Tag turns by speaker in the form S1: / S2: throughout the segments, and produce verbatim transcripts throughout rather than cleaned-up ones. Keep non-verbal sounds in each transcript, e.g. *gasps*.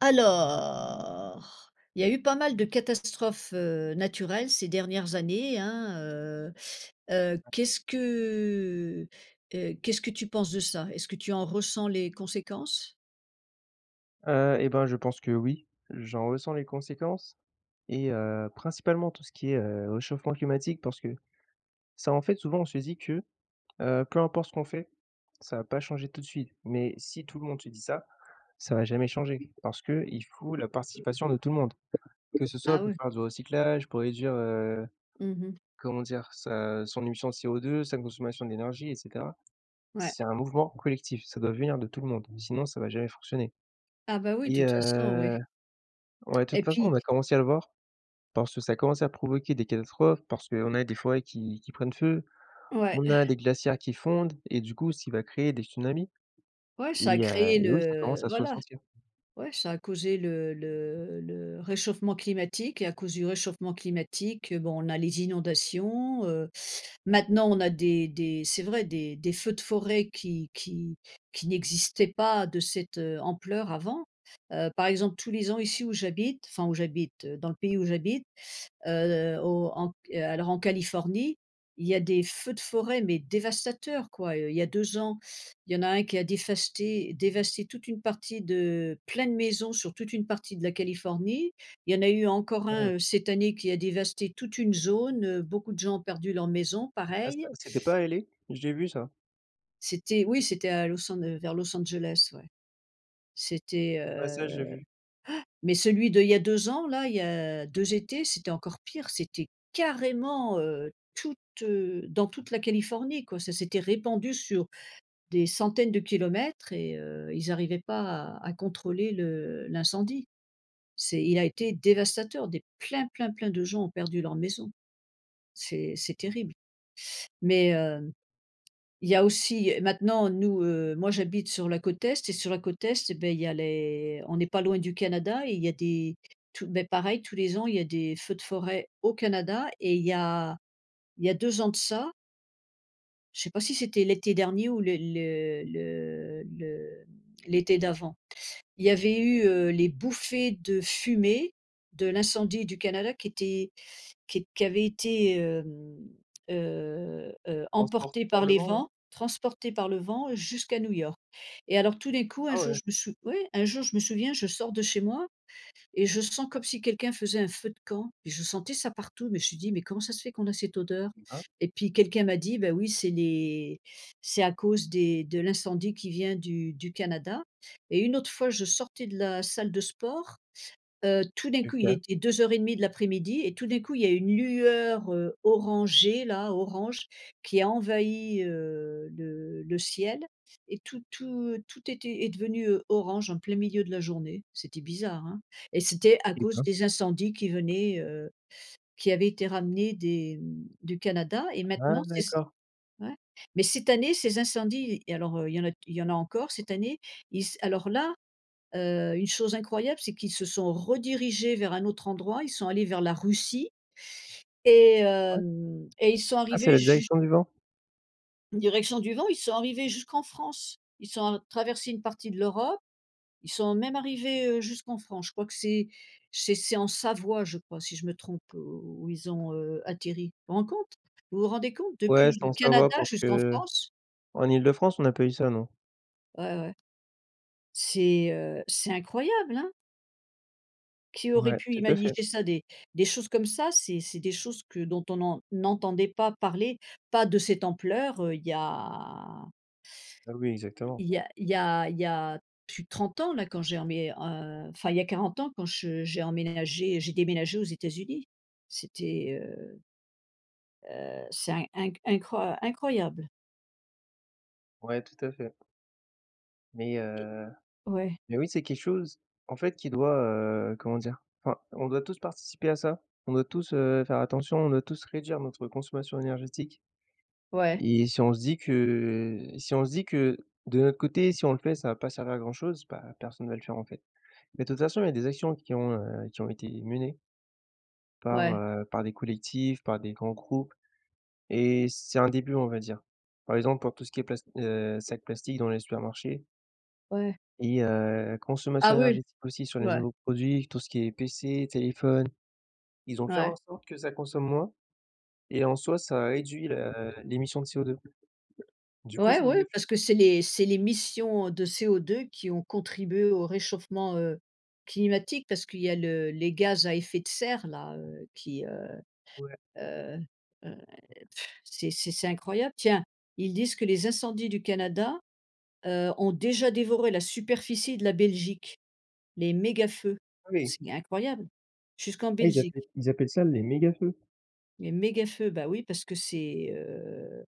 S1: Alors, il y a eu pas mal de catastrophes, heu, naturelles ces dernières années, hein, heu heu,
S2: *unintelligible*
S1: qu'est-ce que, heu, qu'est-ce que tu penses de ça? Est-ce que tu en ressens les conséquences?
S2: Heu et bah, je pense que oui. J'en ressens les conséquences et heu, principalement tout ce qui est, heu, réchauffement climatique. Parce que, ça en fait, souvent on se dit, que, heu, peu importe ce qu'on fait, ça va pas changer tout de suite mais, si tout le monde se dit ça, ça va jamais changer, parce qu'il faut la participation de tout le monde. Que ce
S1: Ah
S2: soit pour
S1: oui.
S2: faire du recyclage, pour réduire, heu,
S1: Mmh mh.
S2: comment dire? Sa, heu, son émission de CO2, sa consommation d'énergie et cetera.
S1: Ouais.
S2: C'est un mouvement collectif, ça doit venir de tout le monde, sinon ça va jamais fonctionner.
S1: Ah bah oui,
S2: Et
S1: toute façon,
S2: heu,
S1: oui.
S2: ouais, de
S1: Et
S2: toute façon
S1: puis
S2: on a commencé à le voir, parce que ça a commencé à provoquer des catastrophes, parce qu'on a des forêts qui qui prennent feu,
S1: Ouais.
S2: on a des glaciers qui fondent et du coup ce qui va créer des tsunamis.
S1: Ouais, ça a
S2: Et heu
S1: créé
S2: et oui, ça commence
S1: le
S2: à se
S1: voilà.
S2: ressentir.
S1: Ouais, ça a causé le le le réchauffement climatique et à cause du réchauffement climatique, bon, on a les inondations, heu, maintenant on a des des c'est vrai des des feux de forêt qui qui qui n'existaient pas de cette, heu, ampleur avant. Heu, par exemple tous les ans ici où j'habite, enfin où j'habite, dans le pays où j'habite, heu, au en q heu, alors en Californie, il y a des feux de forêt, mais dévastateurs quoi, heu. Il y a deux ans, il y en a un qui a défasté dévasté toute une partie de plein de maisons, sur toute une partie de la Californie. Il y en a eu encore
S2: Oui.
S1: un, heu, cette année qui a dévasté toute une zone, heu, beaucoup de gens ont perdu leur maison,
S2: Ah
S1: pareil.
S2: ça, c'était pas à L.A? J'ai vu ça.
S1: C'était oui, c'était à Los An heu, vers Los Angeles, ouais. C'était,
S2: Ouais, ça
S1: heu
S2: j'ai vu.
S1: *gasps* mais celui d'il y a deux ans là, il y a deux étés, c'était encore pire, c'était carrément, heu, toute, heu, dans toute la Californie, quoi. Ça s'était répandu sur des centaines de kilomètres et heu, ils arrivaient pas
S2: Mmh.
S1: à à contrôler le l'incendie. C'est il a été dévastateur, des plein, plein, plein de gens ont perdu leur maison. C'est c'est terrible mais, heu,
S2: *unintelligible*
S1: il y a aussi, heu, maintenant nous heu, moi j'habite sur la côte est et sur la côte est et bah, il y a les on n'est pas loin du Canada et il y a des tous, bah, pareil tous les ans, il y a des feux de forêt au Canada et il y a il y a deux ans de ça je sais pas si c'était l'été dernier ou le le le le l'été d'avant. Il y avait eu, heu, les bouffées de fumée de l'incendie du Canada qui étaient qu qui avaient été, hem, heu heu,
S2: Transportés
S1: emportés
S2: par
S1: par
S2: le
S1: les
S2: vent non?
S1: vents, transportés par le vent jusqu'à New York et alors tout d'un coup, un
S2: Ah
S1: jour
S2: ouais?
S1: je me sou oui, un jour je me souviens, je sors de chez moi et je sens comme si quelqu'un faisait un feu de camp et je sentais ça partout, mais je suis dit: «Mais comment ça se fait qu'on a cette odeur?»
S2: *unintelligible*
S1: Et puis quelqu'un m'a dit: «Bah oui, c'est les c'est à cause des de l'incendie qui vient du du Canada». Et une autre fois, je sortais de la salle de sport, heu, tout d'un coup, il
S2: OK.
S1: était deux heures et demi de l'après-midi et tout d'un coup, il y a une lueur, heu, orangée là, orange, qui a envahi, heu, le le ciel et tout tout tout était est devenu, heu, orange en plein milieu de la journée. C'était bizarre, hein et c'était à
S2: Eh
S1: cause
S2: ben.
S1: des incendies qui venaient, heu, qui avaient été ramenés des, hem, du Canada, et
S2: Ah
S1: maintenant c'est c
S2: d'accord.
S1: ouais. Mais cette année, ces incendies et alors, heu, il y en a il y en a encore cette année, ils s alors là, heu, une chose incroyable, c'est qu'ils se sont redirigés vers un autre endroit. Ils sont allés vers la Russie et
S2: Ouais.
S1: hem, et ils sont
S2: Ah c'est
S1: arrivés
S2: la
S1: jus
S2: direction du vent?
S1: Direction du vent, ils sont arrivés jusqu'en France. Ils sont a traversés une partie de l'Europe, ils sont même arrivés, heu, jusqu'en France. Je crois que c'est c'est c'est en Savoie, je crois si je me trompe où où ils ont, heu, atterri. Rend compte? Vous vous rendez compte
S2: Ouais,
S1: depuis
S2: c'est
S1: le
S2: en Savoie
S1: Canada
S2: parce
S1: jusqu'en
S2: qu'en
S1: France?
S2: Île-de-France, on a pas eu ça, non.
S1: Ouais, ouais. C'est, heu, c'est incroyable, hein? Qui aurait
S2: Ouais,
S1: pu
S2: tout à fait.
S1: imaniger ça des des choses comme ça, c'est c'est des choses que dont on n'en n'entendait pas parler, pas de cette ampleur, heu, il y a
S2: Ah oui, exactement.
S1: il y a il y a il y a plus de trente ans là quand j'ai enmé heu, enfin, il y a quarante ans quand je j'ai emménagé j'ai déménagé aux États-Unis, c'était, heu heu, c'est in incr incro incroyable.
S2: Ouais, tout à fait. Mais
S1: Et
S2: heu,
S1: ouais.
S2: mais oui, c'est quelque chose, en fait, qui doit, heu, comment dire enfin, on doit tous participer à ça, on doit tous, heu, faire attention, on doit tous réduire notre consommation énergétique
S1: Ouais.
S2: et si on se dit que si on se dit que, de notre côté, si on le fait ça va pas servir à grand chose, bah, personne va le faire, en fait mais de toute façon il y a des actions qui ont, heu, qui ont été menées par,
S1: Ouais.
S2: heu, par des collectifs, par des grands groupes et c'est un début, on va dire. Par exemple, pour tout ce qui est plast heu, sacs plastique dans les supermarchés.
S1: Ouais.
S2: Et heu, consommation
S1: Ah oui,
S2: énergétique aussi sur les
S1: ouais.
S2: nouveaux produits, tout ce qui est PC, téléphone. Ils ont fait en
S1: Ouais.
S2: sorte que ça consomme moins et en soi ça a réduit le l'émission de CO2. Du coup
S1: Ouais,
S2: c'est une
S1: oui,
S2: bonne chose.
S1: parce que c'est l'é c'est l'émission de CO2 qui ont contribué au réchauffement, heu, climatique. Parce qu'il y a le les gaz à effet de serre là, heu, qui, heu
S2: Ouais.
S1: heu heu, pff, c'est c'est c'est incroyable. Tiens, ils disent que les incendies du Canada, heu, ont déjà dévoré la superficie de la Belgique. Les mégafeux.
S2: Oui.
S1: C'est incroyable jusqu'en
S2: Ah ils
S1: Belgique.
S2: appelaient ils appellent ça les mégafeux?
S1: Les mégafeux. Bah oui parce que c'est, heu,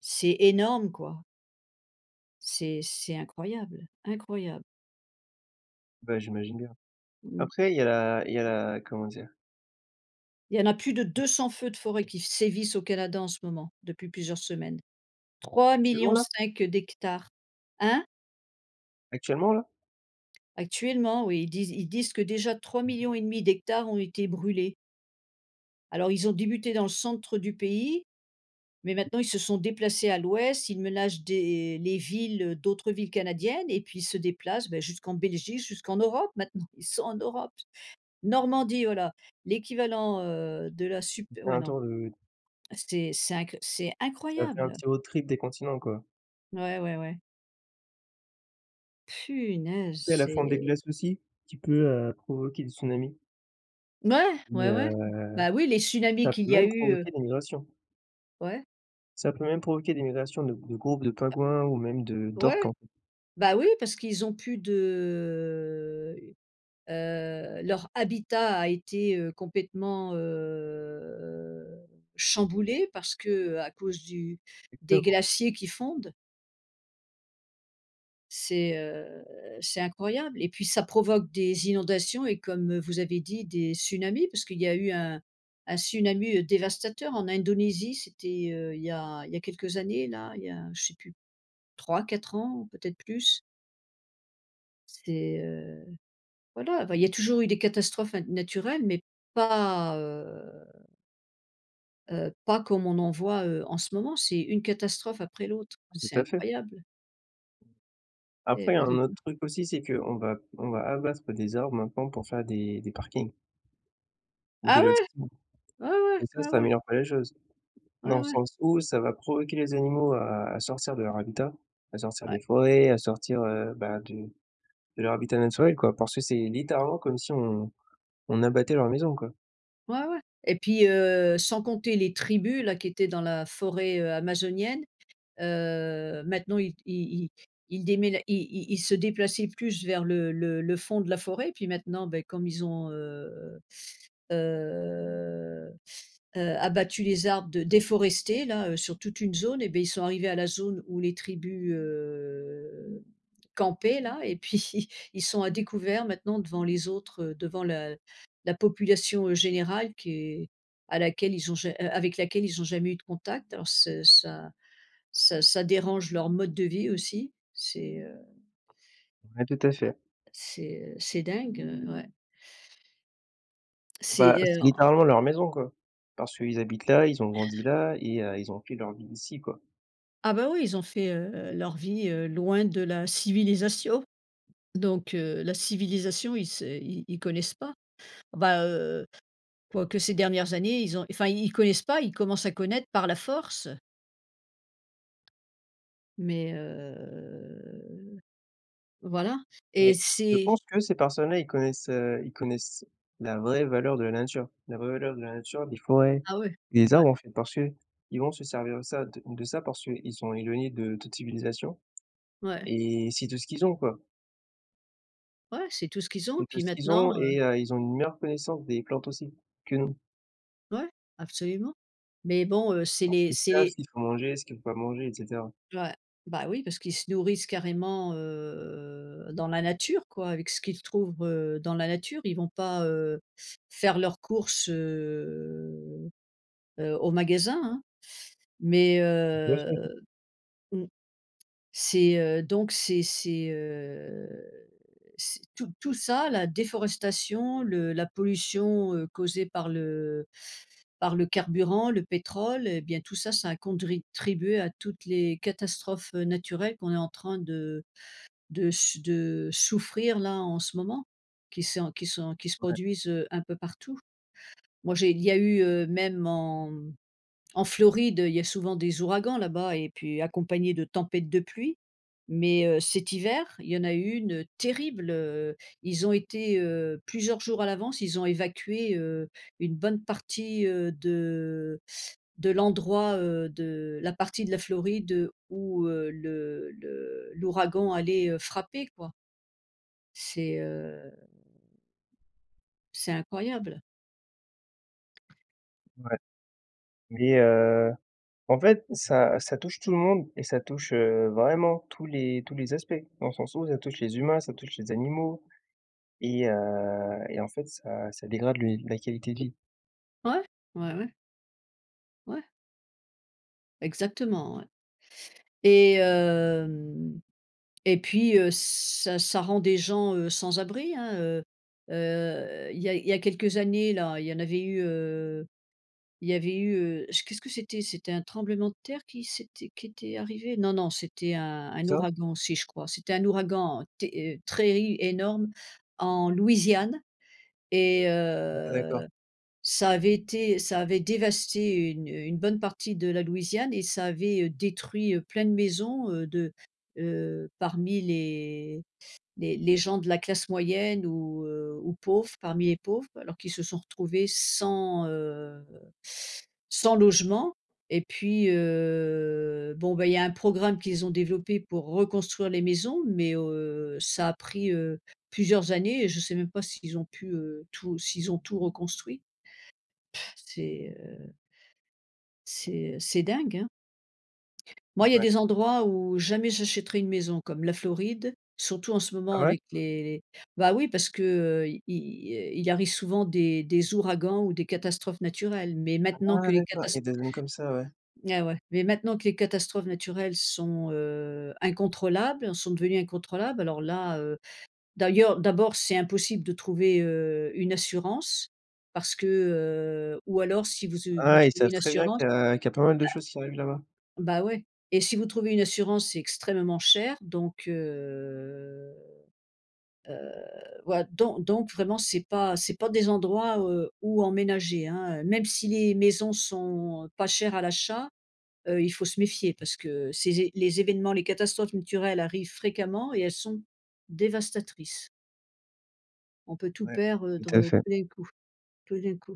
S1: c'est énorme quoi. C'est c'est incroyable, incroyable.
S2: Ben, j'imagine bien.
S1: Mmh.
S2: Après il y a la il y a la comment dire?
S1: Il y en a plus de deux cent feux de forêt qui sévissent au Canada en ce moment, depuis plusieurs semaines. Trois
S2: Actuellement,
S1: millions
S2: là?
S1: cinq d'hectares. Hein?
S2: Actuellement, là?
S1: Actuellement oui, ils disent ils disent que déjà trois
S2: Mmh mh.
S1: millions et demi et demi d'hectares ont été brûlés alors, ils ont débuté dans le centre du pays. Mais maintenant, ils se sont déplacés à l'Ouest, ils menacent des les villes, heu, d'autres villes canadiennes et puis ils se déplacent, bah, jusqu'en Belgique, jusqu'en Europe, maintenant. Ils sont en Europe. Normandie, voilà, l'équivalent, heu, de la sup
S2: Il fait
S1: ouais
S2: un
S1: non.
S2: tour. *unintelligible*
S1: C'est c'est inc c'est
S2: Ça fait un
S1: incroyable.
S2: petit road trip des continents, quoi.
S1: Ouais, ouais, ouais. Punaise,
S2: Tu sais la fonte des
S1: c'est
S2: glaces aussi, qui peut, heu, provoquer des tsunamis
S1: Ouais,
S2: et
S1: ouais, ouais.
S2: heu,
S1: Bah, oui, les tsunamis
S2: ça
S1: qu'il
S2: peut
S1: y a
S2: même
S1: eu, heu
S2: provoquer des migrations
S1: Ouais.
S2: ça peut même provoquer des migrations de gr de groupes de pingouins ou même de d'orques
S1: Ouais,
S2: en fait.
S1: bah oui, parce qu'ils ont plus de, heu heu, leur habitat a été, heu, complètement, heu, chamboulé parce qu'à cause du des
S2: *unintelligible*
S1: glaciers qui fondent c'est, heu, c'est incroyable et puis ça provoque des inondations et comme vous avez dit des tsunamis parce qu'il y a eu un un tsunami dévastateur en Indonésie, c'était, heu, il y a il y a quelques années là, il y a je sais plus trois-quatre ans, peut-être plus. C'est, heu, voilà, bah, il y a toujours eu des catastrophes na naturelles, mais pas, heu heu, pas comme on en voit, heu, en ce moment, c'est une catastrophe après l'autre, c'est
S2: Tout à fait.
S1: incroyable. Et
S2: Après, il y
S1: ben
S2: a un
S1: dis
S2: autre
S1: donc.
S2: truc aussi, c'est qu'on va on va abattre des arbres maintenant pour faire des des parkings. Ou des
S1: Ah
S2: lotissements,
S1: ouais? Ouais, ouais.
S2: et ça,
S1: Ouais,
S2: ça
S1: ouais.
S2: améliore pas les choses. Dans
S1: Ouais,
S2: le
S1: ouais.
S2: sens où ça va provoquer les animaux à à sortir de leur habitat, à sortir
S1: Ouais.
S2: des forêts, à sortir, heu, bah, du de leur habitat naturel quoi, parce que c'est littéralement comme si on on abattait leur maison quoi.
S1: Ouais, ouais et puis, heu, sans compter les tribus-là, qui étaient dans la forêt, heu, amazonienne, heu, maintenant ils ils ils ils démén ils ils se déplaçaient plus vers le le le fond de la forêt et puis maintenant, ben, comme ils ont, heu heu heu, abattu les arbres de déforestés, là, heu, sur toute une zone et ben, ils sont arrivés à la zone où les tribus, heu, campaient là et puis ils sont à découvert maintenant devant les autres, devant la la population, heu, générale qui est à laquelle ils ont ja a avec laquelle ils ont jamais eu de contact alors ce ça ça ça dérange leur mode de vie eux aussi. C'est, heu
S2: Ouais, tout à
S1: ouais,
S2: fait.
S1: c'est, heu, c'est dingue, heu, ouais.
S2: Bah,
S1: C'est,
S2: c'est
S1: heu, en en
S2: littéralement leur maison quoi, parce qu'ils habitent là, ils ont grandi là et heu, ils ont fait leur vie ici, quoi.
S1: Ah bah oui, ils ont fait, heu, leur vie, heu, loin de la civilisation. Donc, heu, la civilisation, ils se ils ils connaissent pas. Bah, heu, quoique ces dernières années, ils ont enfin ils ils connaissent pas, ils commencent à connaître par la force. Mais, heu, voilà et
S2: Mais je
S1: c'est
S2: pense que ces personnes là, ils connaissent, heu, ils connaissent la vraie valeur de la nature. La vraie valeur de la nature, des forêts,
S1: Ah ouais,
S2: des
S1: ouais.
S2: arbres, en fait. Parce que, ils vont se servir de ça de de ça parce qu'ils sont éloignés de toute civilisation
S1: Ouais.
S2: et c'est tout ce qu'ils ont, quoi
S1: Ouais, c'est tout ce qu'ils ont
S2: c'est
S1: et
S2: tout
S1: puis
S2: ce qu'ils
S1: maintenant
S2: ont
S1: heu
S2: et heu, ils ont une meilleure connaissance des plantes aussi que nous
S1: Ouais, absolument. Mais bon, heu, c'est
S2: parce
S1: les
S2: qu'ils
S1: c'est
S2: savent
S1: les
S2: ce qu'il faut manger, ce qu'il faut pas manger et cetera.
S1: Ouais, bah oui, parce qu'ils se nourrissent carrément, heu, dans la nature quoi, avec ce qu'ils trouvent, heu, dans la nature. Ils vont pas, heu, faire leurs courses, heu heu, au magasin, hein. Mais, heu,
S2: *unintelligible*
S1: mmh, c'est, heu, donc, c'est c'est, heu, c'est tout tout ça la déforestation, le la pollution, heu, causée par le par le carburant, le pétrole, bien tout ça, ça a condritribué à toutes les catastrophes, heu, naturelles qu'on est en train de de s de souffrir, là, en ce moment, qui sont qui sont qui se
S2: Ouais.
S1: produisent, heu, un peu partout. Moi, j'ai il y a eu, heu, même en en Floride, il y a souvent des ouragans là-bas et puis accompagnés de tempêtes de pluie. Mais, heu, cet hiver, il y en a eu une terrible, heu, ils ont été, heu, plusieurs jours à l'avance ils ont évacué, heu, une bonne partie, heu, de de l'endroit, heu, de la partie de la Floride où, heu, le le l'ouragan allait, heu, frapper, quoi. C'est, heu, c'est incroyable.
S2: Ouais mais heu, en fait ça ça touche tout le monde et ça touche, heu, vraiment tous les tous les aspects dans le sens où ça touche les humains, ça touche les animaux et heu et en fait ça ça dégrade le ni la qualité de vie.
S1: Ouais, ouais, ouais. Ouais. Exactement, ouais et hem et puis, heu, ça ça rend des gens, heu, sans abri, hein, heu heu, il y a il y a quelques années, là, il y en avait eu, heu, il y avait eu, heu qu'est-ce que c'était? C'était un tremblement de terre qui s'était, qui était arrivé? Non non, c'était un un
S2: Ça?
S1: ouragan aussi je crois, c'était un ouragan ter très i énorme en Louisiane et
S2: Ah, d'accord.
S1: heu, ça avait été ça avait dévasté une une bonne partie de la Louisiane et ça avait, heu, détruit, heu, plein de maisons, heu, de, heu, parmi les les les gens de la classe moyenne ou, heu, ou pauvres, parmi les pauvres quoi. Alors qu'ils se sont retrouvés sans, heu, sans logement et puis, heu, bon bah, il y a un programme qu'ils ont développé pour reconstruire les maisons mais heu, ça a pris, heu, plusieurs années et je sais même pas s'ils ont pu, heu, tout s'ils ont tout reconstruit. Pff, c'est, heu c'est c'est dingue, hein? Moi, il y a
S2: Ouais.
S1: des endroits où jamais j'achèterai une maison comme la Floride, surtout en ce moment
S2: Ah ouais?
S1: avec les les bah, oui parce qu'i il arrive souvent des des ouragans ou des catastrophes naturelles, mais maintenant
S2: Ah
S1: que les
S2: d'accord. l y
S1: catast
S2: a des zones comme ça, ouais.
S1: Ah ouais, mais maintenant que les catastrophes naturelles sont, heu, incontrôlables, sont devenues incontrôlables, alors là, heu, d'ailleurs, d'abord, c'est impossible de trouver, heu, une assurance parce que, heu, ou alors si vous, heu, vous
S2: Ah, ils
S1: trouvez
S2: savent
S1: une
S2: très bien
S1: assurance
S2: qu'il y a qu'il y a pas mal de choses qui arrivent là-bas.
S1: ah, bah ouais et si vous trouvez une assurance, c'est extrêmement cher, donc heu heu, voilà don donc vraiment c'est pas c'est pas des endroits où, heu, où emménager, hein, heu, même si les maisons sont pas chères à l'achat, heu, il faut se méfier parce que ces é les évènements, les catastrophes naturelles arrivent fréquemment et elles sont dévastatrices. On peut tout
S2: Ouais.
S1: perdre, heu,
S2: Tout
S1: tout
S2: à fait.
S1: d'un coup. Tout d'un coup.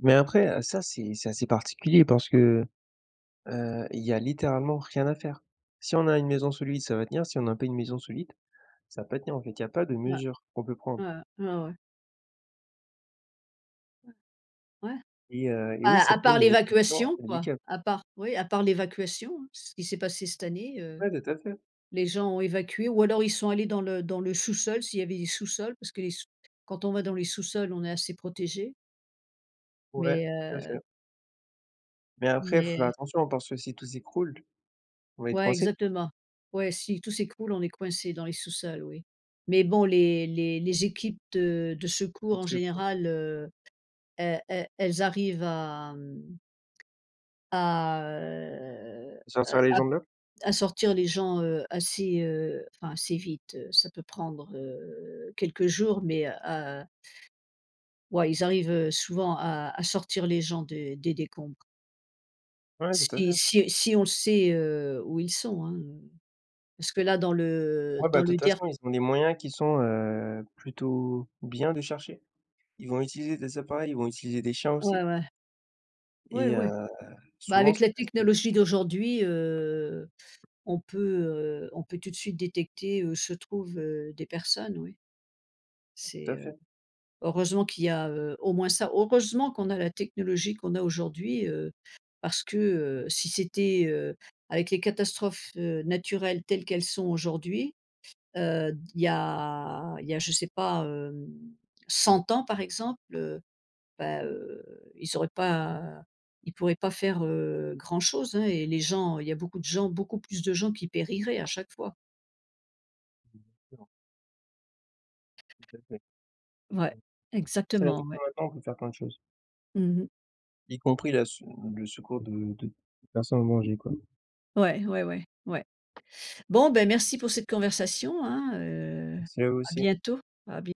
S2: Mais après, heu, ça c'est c'est assez particulier parce que, heu, Il y a littéralement rien à faire. Si on a une maison solide, ça va tenir, si on n'a pas une maison solide, ça va pas tenir en fait. Il y a pas de
S1: Ouais.
S2: mesure qu'on peut prendre.
S1: Ouais, ouais, ouais, ouais. Ouais. Ouais.
S2: Et heu et oui,
S1: À
S2: ça
S1: à
S2: peut.
S1: part l'évacuation, quoi.
S2: *unintelligible*
S1: A part oui, à part l'évacuation, hein. C'est ce qui s'est passé cette année, heu.
S2: Ouais, tout à fait.
S1: Les gens ont évacué ou alors ils sont allés dans le dans le sous-sol s'il y avait des sous-sols. Parce que les sous quand on va dans les sous-sols, on est assez protégé.
S2: Ouais.
S1: Mais
S2: Tout à
S1: heu
S2: fait. Mais après faut faire
S1: Mais
S2: attention parce que si tout z'écroule, on va être
S1: Ouais,
S2: coincé.
S1: exactement. Ouais, si tout s'écroule on est coincé dans les sous-sols, oui. Mais bon les les les équipes de de
S2: *unintelligible* De
S1: secours en
S2: secours.
S1: général, heu, elles elles elles arrivent, hem à heu
S2: À
S1: heu,
S2: sortir les
S1: à
S2: gens de là?
S1: à sortir les gens, heu, assez, heu, enfin assez vite, heu. Ça peut prendre, heu, quelques jours mais, heu, à ouais ils arrivent, heu, souvent à à sortir les gens des des décombres.
S2: Ouais, tout à
S1: Si
S2: fait.
S1: si si on le sait, heu, où ils sont hein, heu, parce que là dans le
S2: Ah, bah
S1: dans
S2: de
S1: le
S2: toute
S1: der
S2: façon, ils ont des moyens qui sont, heu, plutôt bien de chercher. Ils vont utiliser des appareils, ils vont utiliser des chiens
S1: Ouais,
S2: aussi.
S1: ouais. Oui,
S2: Et
S1: oui.
S2: heu,
S1: Bah
S2: souvent
S1: avec
S2: ça
S1: la
S2: *unintelligible*
S1: technologie d'aujourd'hui, heu, on peut, heu, on peut tout de suite détecter où se trouvent, heu, des personnes, oui.
S2: Ouais, tout à
S1: C'est, heu
S2: fait.
S1: heureusement qu'il y a, heu, au moins ça, heureusement qu'on a la technologie qu'on a aujourd'hui, heu, parce que, heu, si c'était, heu, avec les catastrophes, heu, naturelles telles qu'elles sont aujourd'hui, heu, d il y a il y a je sais pas, hem, cent ans par exemple, heu, ben, heu, ils auraient pas ils pourraient pas faire, heu, grand chose hein et les gens il y a beaucoup de gens, beaucoup plus de gens qui périraient à chaque fois.
S2: Mmh, bien sûr. Tout à fait.
S1: Ouais,
S2: Mmh. Tu sais la
S1: exactement,
S2: techno
S1: ouais.
S2: maintenant, on peut faire plein de choses.
S1: Mmh mh.
S2: Y compris la se le secours de de personnes en danger quoi.
S1: Ouais, ouais, ouais, ouais. Bon ben, merci pour cette conversation hein, heu,
S2: Merci à vous
S1: à
S2: aussi.
S1: bientôt, à bien